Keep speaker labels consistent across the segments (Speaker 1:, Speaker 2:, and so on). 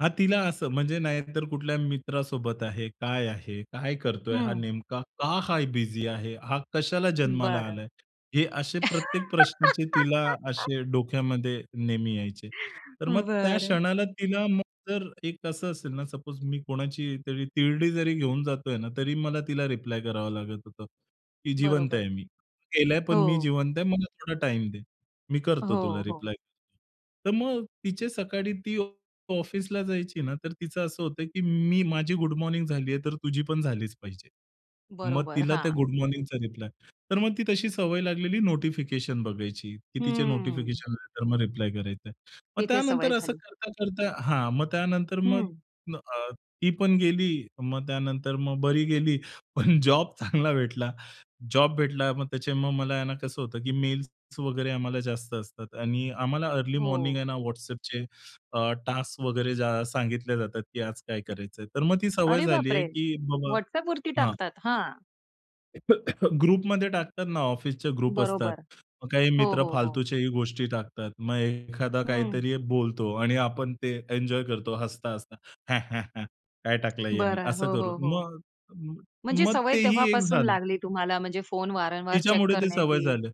Speaker 1: हां तिला असं म्हणजे नाहीतर कुठल्या मित्रासोबत आहे, काय आहे, काय करतोय हा
Speaker 2: हं.
Speaker 1: नेमका? का हाय बिझी आहे? हा कशाला जन्माला
Speaker 2: बरं.
Speaker 1: आलाय? हे असे प्रत्येक प्रश्नाचे तिला असे डोक्यामध्ये नेहमी यायचे. तर मग त्या
Speaker 2: बरं.
Speaker 1: क्षणाला तिला मग जर एक असं असेल ना, सपोज मी कोणाची तरी तिरडी जरी घेऊन जातोय ना, तरी मला तिला रिप्लाय करावा लागत होता, की जिवंत
Speaker 2: बरोबर.
Speaker 1: आहे मी, तो गेलाय पण मी
Speaker 2: हो.
Speaker 1: जिवंत आहे मला थोडा टाईम दे. मी करतो तुला
Speaker 2: हो, हो.
Speaker 1: रिप्लाय. तर मग तिचे सकाळी ती ऑफिसला जायची ना तर तिचं असं होतं, की मी माझी गुड मॉर्निंग झालीये, तर तुझी पण झालीच पाहिजे. मग
Speaker 2: बरोबर,
Speaker 1: तिला त्या
Speaker 2: हां.
Speaker 1: गुड मॉर्निंगचा रिप्लाय. तर मग ती तशी सवय लागलेली नोटिफिकेशन बघायची, की तिचे
Speaker 2: हम्म.
Speaker 1: नोटिफिकेशन आले तर मग रिप्लाय करायचं. मग
Speaker 2: तिथे सवय
Speaker 1: त्यानंतर असं
Speaker 2: झाली.
Speaker 1: करता-करता हां मग त्यानंतर मग
Speaker 2: हं.
Speaker 1: म अ, ती पण गेली मग त्यानंतर मग बरी गेली पण जॉब चांगला भेटला, जॉब भेटला. मग त्याचे मग मला आहे ना कसं होतं, की मेल्स वगैरे आम्हाला जास्त असतात. आणि आम्हाला अर्ली मॉर्निंग
Speaker 2: हो.
Speaker 1: आहे ना WhatsAppचे अ, टास्क वगैरे जा सांगितले जातात, की आज काय करायचंय. तर मग ती सवय
Speaker 2: अरे
Speaker 1: झाली आहे,
Speaker 2: बापरे!
Speaker 1: की बाबा
Speaker 2: WhatsAppवरती
Speaker 1: हां.
Speaker 2: टाकतात? हां.
Speaker 1: ग्रुपमध्ये टाकतात ना, ऑफिसचे ग्रुप असतात.
Speaker 2: बरोबर.
Speaker 1: मग काही
Speaker 2: हो,
Speaker 1: मित्र
Speaker 2: हो, हो.
Speaker 1: फालतूच्याही गोष्टी टाकतात. मग एखादा
Speaker 2: हं.
Speaker 1: काहीतरी बोलतो आणि आपण ते एन्जॉय करतो, हसता-हसता. ह्या, ह्या, ह्या काय टाकलं ह्यांनी
Speaker 2: बरं.
Speaker 1: असं
Speaker 2: हो, हो,
Speaker 1: करून.
Speaker 2: हो.
Speaker 1: मग म
Speaker 2: म्हणजे
Speaker 1: मग
Speaker 2: सवय
Speaker 1: तेही एक
Speaker 2: तेव्हापासून
Speaker 1: झालं.
Speaker 2: लागली तुम्हाला म्हणजे फोन वारंवार चेक
Speaker 1: तिच्यामुळे ते सवय
Speaker 2: करण्याची.
Speaker 1: झालं.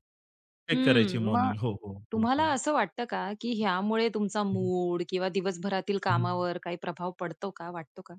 Speaker 1: चेक करायची
Speaker 2: हम्म, मग
Speaker 1: मॉर्निंग. हो, हो. हो,
Speaker 2: तुम्हाला
Speaker 1: हो.
Speaker 2: असं वाटतं का, की ह्यामुळे तुमचा
Speaker 1: हं, हं.
Speaker 2: मूड किंवा दिवसभरातील
Speaker 1: हं, हं.
Speaker 2: कामावर काही प्रभाव पडतो का वाटतो का?